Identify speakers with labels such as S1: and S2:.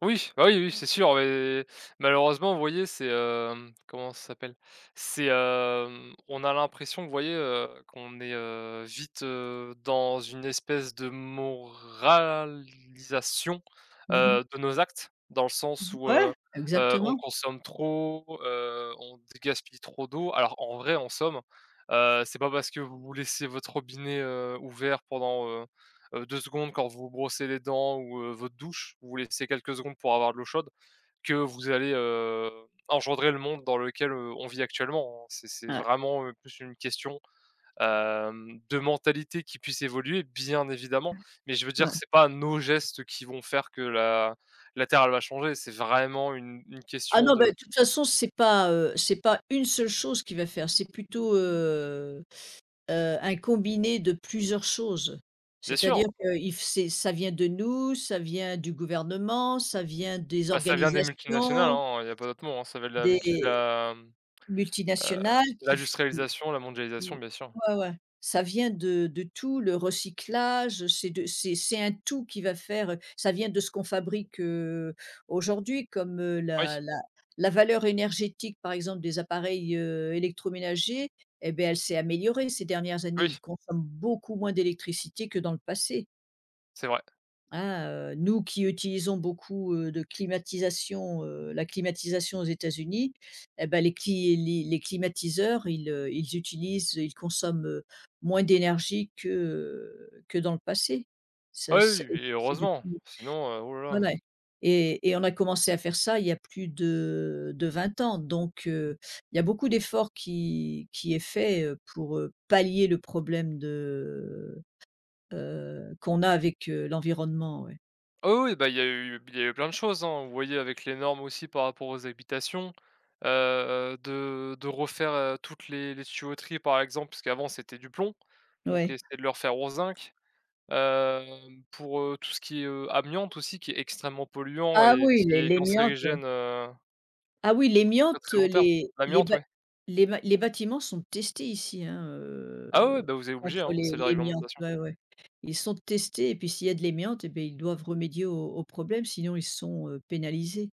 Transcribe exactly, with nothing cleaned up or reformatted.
S1: Oui, bah oui, oui, c'est sûr, ouais, malheureusement vous voyez, c'est, hem, comment ça s'appelle, c'est, hem, on a l'impression, vous voyez, heu, qu'on est, heu, vite, heu, dans une espèce de moralisation,
S2: Mmh mh.
S1: heu, de nos actes, dans le
S2: Mmh
S1: sens où,
S2: mh,
S1: heu
S2: ouais
S1: heu, on
S2: exactement.
S1: consomme trop, heu, on dé gaspille trop d'eau. Alors, en vrai, en somme, heu, c'est pas parce que vous laissez votre robinet, heu, ouvert pendant, heu heu, deux secondes quand vous vous brossez les dents ou, heu, votre douche, vous laissez quelques secondes pour avoir de l'eau chaude que vous allez, heu, engendrer le monde dans lequel, heu, on vit actuellement, hein. C'est c'est
S2: Ouais.
S1: vraiment, heu, plus une question, hem, de mentalité qui puisse évoluer, bien évidemment, mais je veux
S2: Ouais.
S1: dire
S2: Ouais.
S1: que c'est pas nos gestes qui vont faire que la la terre, elle va changer, c'est vraiment une une
S2: Ah
S1: question
S2: non, ben
S1: de
S2: de toute façon c'est pas, heu, c'est pas une seule chose qui va faire, c'est plutôt, heu heu, un combiné de plusieurs choses.
S1: Bien sûr.
S2: C'est-à-dire que if c'est ça vient de nous, ça vient du gouvernement, ça vient des
S1: Bah, ça vient des multinationales,
S2: organisations
S1: hein, il y a pas d'autres mots, ça vient de la même ch
S2: des
S1: la, heu,
S2: multinationales qui f, [unintelligible]
S1: l'industrialisation, la mondialisation, bien sûr.
S2: ouais, ouais, ça vient de de tout le recyclage, c'est de c'est c'est un tout qui va faire, heu, ça vient de ce qu'on fabrique, heu, aujourd'hui comme, heu,
S1: Oui.
S2: la la la valeur énergétique par exemple des appareils, heu, électroménagers, eh ben, elle s'est améliorée ces dernières années,
S1: Oui.
S2: ils consomment beaucoup moins d'électricité que dans le passé.
S1: C'est vrai.
S2: Hein, heu, nous qui utilisons beaucoup, heu, de climatisation, heu, la climatisation aux États-Unis, et ben, les cli les les climatiseurs, ils, heu, ils utilisent, heu, ils consomment, heu, moins d'énergie que que dans le passé. Ça
S1: Ah
S2: ce et
S1: oui, oui, et
S2: ça c'est
S1: heureusement,
S2: depuis
S1: sinon, heu, oh là
S2: ouais,
S1: là.
S2: ouais. Et et on a commencé à faire ça il y a plus de de plus vingt ans, donc, heu, il y a beaucoup d'efforts qui qui est fait, heu, pour, heu, pallier le problème de, heu heu, qu'on a avec, heu, l'environnement, ouais.
S1: Ah oui, oui bah, il y a eu il y a eu plein de choses, hein. Vous voyez avec les normes aussi par rapport aux habitations, heu, de de refaire, heu, toutes les les tuyauteries, par exemple, puisqu'avant c'était du plomb, donc
S2: Ouais.
S1: essayer de le refaire au zinc, heu, pour, heu, tout ce qui est, heu, amiante aussi, qui est extrêmement polluant
S2: Ah
S1: et
S2: oui,
S1: qui
S2: l'é
S1: est
S2: l'émiante.
S1: cancérigène, heu
S2: Ah oui,
S1: à très
S2: l'émiante,
S1: très long terme.
S2: les les
S1: L'amiante?
S2: bat
S1: Oui.
S2: les bat les bâtiments sont testés ici, hein,
S1: Ah oui,
S2: heu,
S1: oui, bah vous êtes obligés,
S2: contre
S1: hein,
S2: l'é
S1: c'est la
S2: l'émiante,
S1: réglementation.
S2: ouais, ouais. Ils sont testés et puis s'il y a de l'émiante, et bah ils doivent remédier au au problème, sinon ils sont, heu, pénalisés.